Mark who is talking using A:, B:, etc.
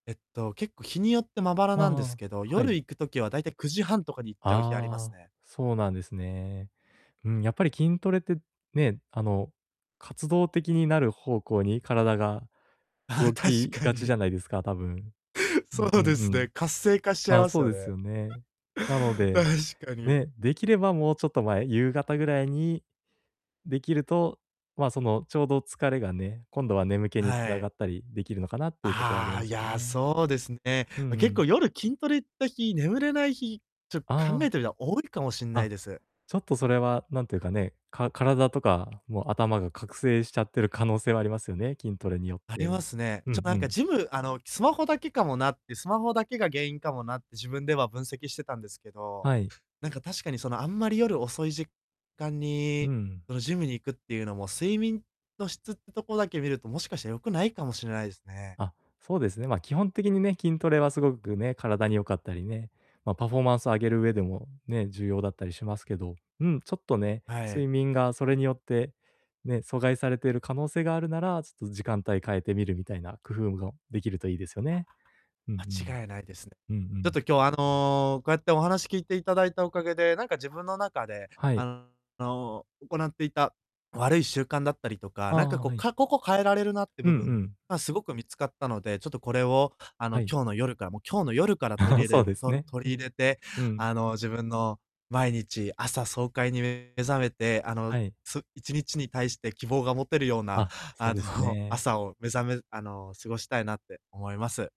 A: えっと、結構日によってまばら
B: あ、
A: なんで
B: あ
A: す
B: あ、
A: けど、
B: は
A: 夜
B: い。
A: 行く時は大体9時30分とかに行っちゃう日あります
B: ああ、
A: ね。
B: そうなんですね。うーん、やっぱり筋トレってね、あの、活動的になる方向に体が
A: ああ、
B: 動
A: 確
B: き
A: か
B: がちじ
A: に。
B: ゃないですか、多分。う
A: そ
B: んう
A: うで
B: んう
A: す
B: ん。
A: ね、活性化しちゃい
B: ああ、
A: ます
B: そう
A: よ
B: で
A: ね。
B: す
A: う
B: よね。なので、
A: 確かに。
B: ね、できれば、もうちょっと前、夕方ぐらいにできると、ま、その、ちょうど疲れがね、今度は眠気に
A: は
B: な
A: い。
B: がったりできるのかなっていうとこはあり
A: ああ、
B: ま
A: い
B: すよ
A: や、
B: ね。
A: そうですね。
B: うん
A: ま、
B: う
A: 結
B: ん。
A: 構夜筋トレった日、眠れない日、ちょ考
B: あ
A: え
B: あ。
A: てみたら多いかもしんない
B: あ、
A: です。
B: ちょっとそれは、なんていうかね、か体とか、もう頭が覚醒しちゃってる可能性はありますよね、筋トレによっ
A: ありま
B: て。
A: すね。
B: う
A: ちょ、
B: ん
A: な
B: う
A: んか、
B: ん。
A: ジムあの、スマホだけかもなって、スマホだけが原因かもなって自分では分析してたんですけど、
B: はい。
A: なんか、確かに、その、あんまり夜遅い時間
B: う
A: に、
B: ん。
A: その、ジムに行くっていうのも、睡眠の質ってとこだけ見ると、もしかして良くないかもしれないですね。
B: あ、そうですね、ま、基本的にね、筋トレはすごくね、体に良かったりね、ま、パフォーマンスを上げる上でもね、重要だったりしますけど、うん、ちょっとね、
A: はい。
B: 睡眠がそれによって、ね、阻害されてる可能性があるなら、ちょっと時間帯変えてみるみたいな工夫むごできるといいですよね。うんうん。
A: 間違いないですね。
B: うんう
A: ちょっ
B: ん。
A: と今日、あの、こうやってお話聞いていただいたおかげで、なんか、自分の中で、
B: はい。
A: あの、行っていた悪い習慣だったりとか、
B: あ
A: なんか、
B: あ、
A: こう、
B: はい。
A: かここ変えられるなって
B: う
A: 部
B: んう
A: 分、
B: ん。
A: ま、すごく見つかったので、ちょっとこれを、あの、
B: はい。
A: 今日の夜から、もう、今日の夜から取 り
B: そ
A: れ
B: うです
A: と
B: ね。
A: 取り入れて、
B: ふん、うん。
A: あの、自分の毎日、朝爽快に目覚めて、あの、
B: はい。
A: す1日に対して希望が持てるような、
B: あ、そ
A: あ
B: うです
A: の、
B: ね。
A: 朝を目覚めあの、過ごしたいなって思います。